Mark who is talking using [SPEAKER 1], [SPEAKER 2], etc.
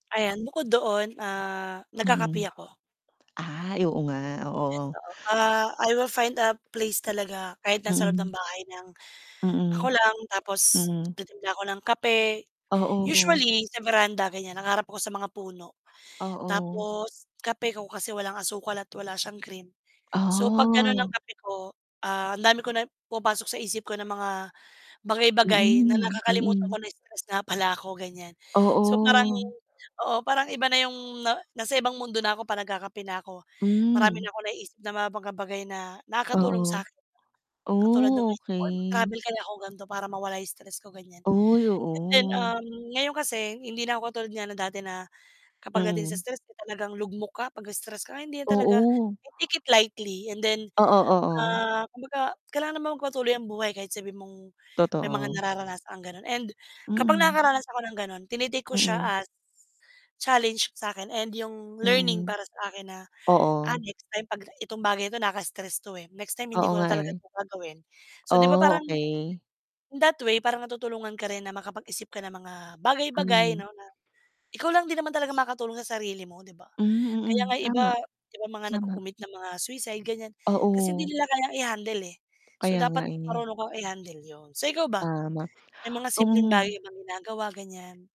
[SPEAKER 1] Ayan, bukod doon, ah, nagkakape
[SPEAKER 2] Mm.
[SPEAKER 1] ako.
[SPEAKER 2] Ay, oo nga,
[SPEAKER 1] Yes,
[SPEAKER 2] oo.
[SPEAKER 1] oo. Ah, I will find a place talaga, kahit nasa loob ng
[SPEAKER 2] Mm.
[SPEAKER 1] bahay nang,
[SPEAKER 2] Mm.
[SPEAKER 1] ako lang tapos
[SPEAKER 2] Mm.
[SPEAKER 1] titimpla ako ng kape.
[SPEAKER 2] Oo.
[SPEAKER 1] Usually sa veranda, ganiyan, nakaharap ako sa mga puno.
[SPEAKER 2] Oo.
[SPEAKER 1] Tapos kape ko kasi walang asukal at wala siyang cream. So 'pag gano'n ng
[SPEAKER 2] Oh.
[SPEAKER 1] kape ko, ah, dami ko na pumapasok sa isip ko ng mga bagay-bagay na
[SPEAKER 2] Mm,
[SPEAKER 1] nakakalimutan ko
[SPEAKER 2] mm.
[SPEAKER 1] na stress nga pala ako, ganiyan. So parang
[SPEAKER 2] Oo.
[SPEAKER 1] oo, parang iba na 'yong na nasa ibang mundo na ako 'pag nagkakape na ako. Marami na
[SPEAKER 2] Hmm.
[SPEAKER 1] akong naiisip na mga baga-bagay na nakakatulong
[SPEAKER 2] Oo.
[SPEAKER 1] sa'kin. Katulad ng
[SPEAKER 2] Oh,
[SPEAKER 1] [unintelligible]
[SPEAKER 2] okay.
[SPEAKER 1] "Travel kaya ako, ganito, para mawala 'yong stress ko?" Ganiyan.
[SPEAKER 2] Oy,
[SPEAKER 1] And then,
[SPEAKER 2] oo.
[SPEAKER 1] um, ngayon kasi hindi na ako katulad nga na dati na kapag dating sa
[SPEAKER 2] Mm.
[SPEAKER 1] stress, eh, talagang lugmok ka. 'Pag na-stress ka, hindi na talaga.
[SPEAKER 2] Oo.
[SPEAKER 1] I take it lightly and then,
[SPEAKER 2] Oo, oo.
[SPEAKER 1] ah, kumbaga kailangan naman magpatuloy ang buhay kahit sabihin mong may mga
[SPEAKER 2] Totoo.
[SPEAKER 1] nararanasang gano'n. And kapag
[SPEAKER 2] Mm.
[SPEAKER 1] nakakaranas ako ng gano'n, tine-take ko siya
[SPEAKER 2] Mm.
[SPEAKER 1] as challenge sa'kin and 'yong learning
[SPEAKER 2] Mm.
[SPEAKER 1] para sa akin na, "Ah,
[SPEAKER 2] Oo.
[SPEAKER 1] next time 'pagka itong bagay ito, nakaka-stress 'to, eh. Next time hindi
[SPEAKER 2] Oo
[SPEAKER 1] ko na
[SPEAKER 2] nga,
[SPEAKER 1] talaga
[SPEAKER 2] eh.
[SPEAKER 1] 'to gagawin." So, 'di ba
[SPEAKER 2] Oh,
[SPEAKER 1] parang,
[SPEAKER 2] okay.
[SPEAKER 1] in that way, parang natutulungan ka rin na makapag-isip ka ng mga bagay, bagay,
[SPEAKER 2] Mm.
[SPEAKER 1] 'no, na ikaw lang din naman talaga makatulong sa sarili mo, 'di ba?
[SPEAKER 2] Hmm,
[SPEAKER 1] Kaya nga
[SPEAKER 2] mm.
[SPEAKER 1] 'yong iba
[SPEAKER 2] Tama,
[SPEAKER 1] iba mga
[SPEAKER 2] tama.
[SPEAKER 1] nagko-commit ng mga suicide, ganiyan, kasi hindi
[SPEAKER 2] Oo.
[SPEAKER 1] nila kayang i-handle, eh. So
[SPEAKER 2] Kaya nga,
[SPEAKER 1] dapat
[SPEAKER 2] eh.
[SPEAKER 1] marunong kang i-handle 'yon. So ikaw ba,
[SPEAKER 2] Tama,
[SPEAKER 1] may mga simpleng
[SPEAKER 2] hmm.
[SPEAKER 1] bagay bang ginagawa, ganiyan?